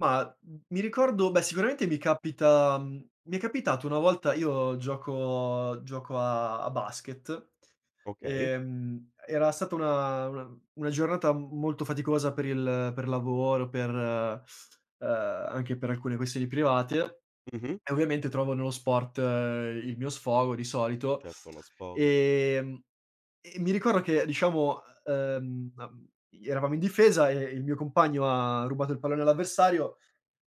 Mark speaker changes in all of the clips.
Speaker 1: Mah, mhmm, mi ricordo beh, sicuramente mi capita mhmm, mi è capitato una volta, io gioco gioco a a basket.
Speaker 2: Okay.
Speaker 1: Ehm, era stata una una una giornata m molto faticosa per il per lavoro, per ehm, anche per alcune questioni private
Speaker 2: Mh-mh.
Speaker 1: e ovviamente trovavo nello sport il mio sfogo, di solito.
Speaker 2: Certo, uno sfogo.
Speaker 1: Ehm, e mi ricordo che, diciamo, ehm, uhm eravamo in difesa e il mio compagno ha rubato il pallone all'avversario,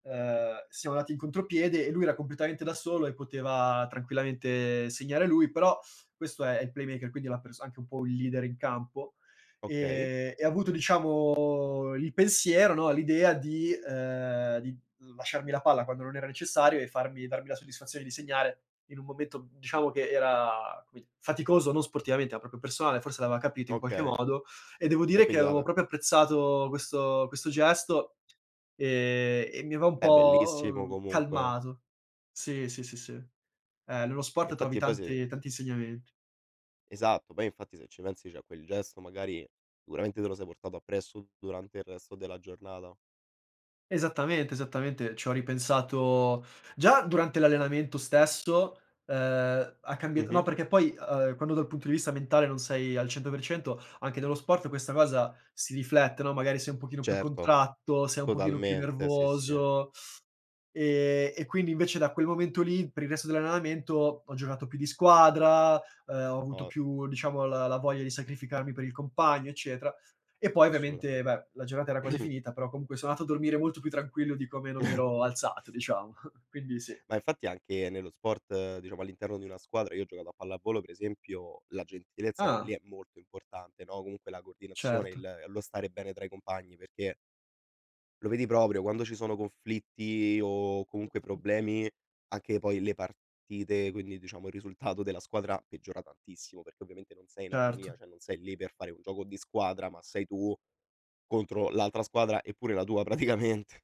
Speaker 1: ehm, siamo andati in contropiede e lui era completamente da solo e poteva tranquillamente segnare lui, però questo è è il playmaker, quindi è la pers anche un po' il leader in campo,
Speaker 2: Okay.
Speaker 1: ehm, e ha avuto diciamo il pensiero, no, l'idea di ehm, di lasciarmi la palla quando non era necessario e farmi darmi la soddisfazione di segnare in un momento, mhmm, diciamo che era come faticoso, non sportivamente, ma proprio personale, forse l'aveva capito in qualche
Speaker 2: Okay.
Speaker 1: modo. E devo
Speaker 2: E
Speaker 1: dire che
Speaker 2: quindi
Speaker 1: avevo
Speaker 2: vabbè.
Speaker 1: proprio apprezzato questo questo gesto, ehm, e mi aveva un
Speaker 2: Beh,
Speaker 1: po',
Speaker 2: bellissimo
Speaker 1: uhm,
Speaker 2: comunque.
Speaker 1: calmato. Sì, sì, sì, sì. Eh, nello sport trovi
Speaker 2: Infatti base
Speaker 1: tante tanti insegnamenti.
Speaker 2: Esatto, poi infatti se ci pensi, cioè quel gesto magari, sicuramente te lo sei portato appresso durante il resto della giornata.
Speaker 1: Esattamente, esattamente. C'ho ripensato già durante l'allenamento stesso, ehm, ha cambiat no,
Speaker 2: Mh-mh.
Speaker 1: perché poi, ehm, quando dal punto di vista mentale non sei al 100%, anche nello sport questa cosa si riflette, no, magari sei un pochino più
Speaker 2: Certo,
Speaker 1: contratto, sei un pochino più
Speaker 2: totalmente sì, sì.
Speaker 1: nervoso. E e quindi invece da quel momento lì, per il resto dell'allenamento ho giocato più di squadra, uhm, ho avuto
Speaker 2: O
Speaker 1: più diciamo la la voglia di sacrificarmi per il compagno, eccetera. E poi ovviamente,
Speaker 2: Assolutamente.
Speaker 1: beh, la giornata era quasi finita, però comunque sono andato a dormire molto più tranquillo di come non mi ero alzato diciamo. Quindi sì.
Speaker 2: Ma infatti anche nello sport, diciamo all'interno di una squadra, io ho giocato a pallavolo per esempio, la gentilezza pure lì
Speaker 1: Ah.
Speaker 2: è molto importante, no, comunque la coordinazione,
Speaker 1: Certo.
Speaker 2: il lo stare bene tra i compagni, perché lo vedi proprio, quando ci sono conflitti o comunque
Speaker 1: [unintelligible]
Speaker 2: problemi, anche poi le partite, quindi diciamo il risultato della squadra peggiora tantissimo, perché ovviamente non sei in armonia,
Speaker 1: Certo.
Speaker 2: cioè non sei lì per fare un gioco di squadra, ma sei tu contro l'altra squadra e pure la tua praticamente.